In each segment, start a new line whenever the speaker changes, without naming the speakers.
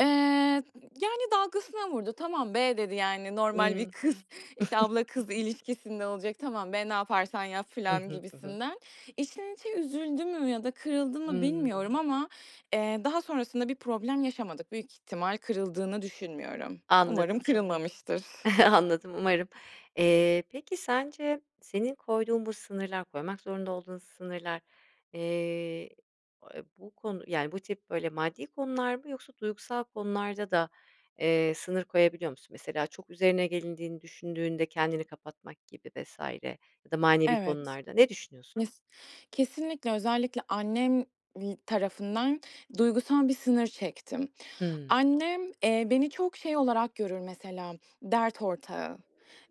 Eee, y yani, dalgasına vurdu. "Tamam be!" dedi, yani, normal
Imm.
bir kız, işte, abla-kız ilişkisinde olacak, "Tamam be, ne yaparsan yap."
Hı
filan
hı. Hı hı.
gibisinden. İçten içe üzüldü mü ya da kırıldı mı
Hımm.
bilmiyorum ama, eee, daha sonrasında bir problem yaşamadık. Büyük ihtimal kırıldığını düşünmüyorum. Umarım
Anladım.
kırılmamıştır.
Anladım umarım. Eee, peki sence senin koyduğun bu sınırlar, koymak zorunda olduğun sınırlar, eee, a bu konu, yani, bu tip, böyle, maddi konular mı yoksa duygusal konularda da, eee, sınır koyabiliyor musun? Mesela, çok üzerine gelindiğini düşündüğünde kendini kapatmak gibi vs. ya da manevi
Evet,
konularda. Ne düşünüyorsun?
nesi kesinlikle özellikle annem, i tarafından duygusal bir sınır çektim.
Hımm.
Annem, eee, beni çok şey olarak görür mesela, dert ortağı,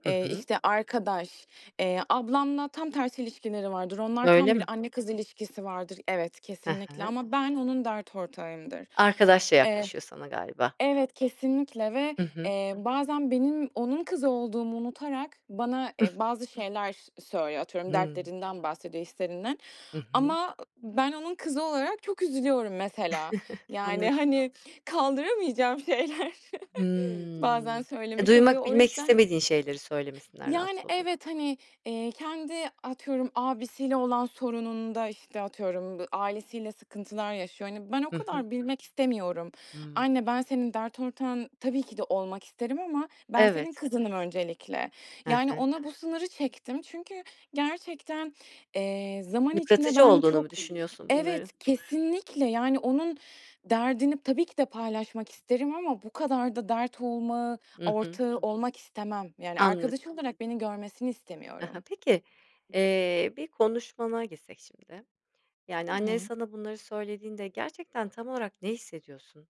Hı
eee,
hı.
işte arkadaş. Eee, ablamla tam tersi ilişkileri vardır. Onlar,
Öyle
tam bir
mi?
anne-kız ilişkisi vardır. Evet,
He
kesinlikle
he.
ama ben onun dert ortağıyımdır.
Arkadaşça
Eee
yaklaşıyor sana galiba.
Evet, kesinlikle ve
Hı hı.
eee, bazen benim onun kızı olduğumu unutarak bana, eee, bazı şeyler söylüyor; atıyorum,
Hıı.
dertlerinden bahsediyor, hislerinden
Hı hı.
ama ben onun kızı olarak çok üzülüyorum mesela, yani,
Anladı
hani, kaldıramayacağım şeyler bazen
Hımm.
söylemiş oluyor
Duymak,
o
bilmek
yüzden
istemediğin şeyleri söylemesinden
Yani,
rahatsız oluyor
evet, hani, eee, kendi atıyorum, abisiyle olan sorununda, işte, atıyorum, b ailesiyle sıkıntılar yaşıyor. Hani, ben o
Hı hı.
kadar bilmek istemiyorum.
Hımm.
Anne, ben senin dert ortağın tabii ki de olmak isterim ama ben senin
Evet.
kızınım öncelikle.
He
Yani,
he.
ona bu sınırı çektim çünkü gerçekten, eee, zaman içinde
Yıpratıcı
ben
olduğunu
çok
mu düşünüyorsun bunların?
Evet, kesinlikle, yani, onun derdini tabii ki de paylaşmak isterim ama bu kadar da dert olmağı
Hı hı.
ortağı olmak istemem. Yani,
Anlad
arkadaş olarak beni görmesini
Ha ha.
istemiyorum.
Peki, eee, bir konuşmana gitsek şimdi.
Hı
Yani, annen
hı.
sana bunları söylediğinde gerçekten tam olarak ne hissediyorsun?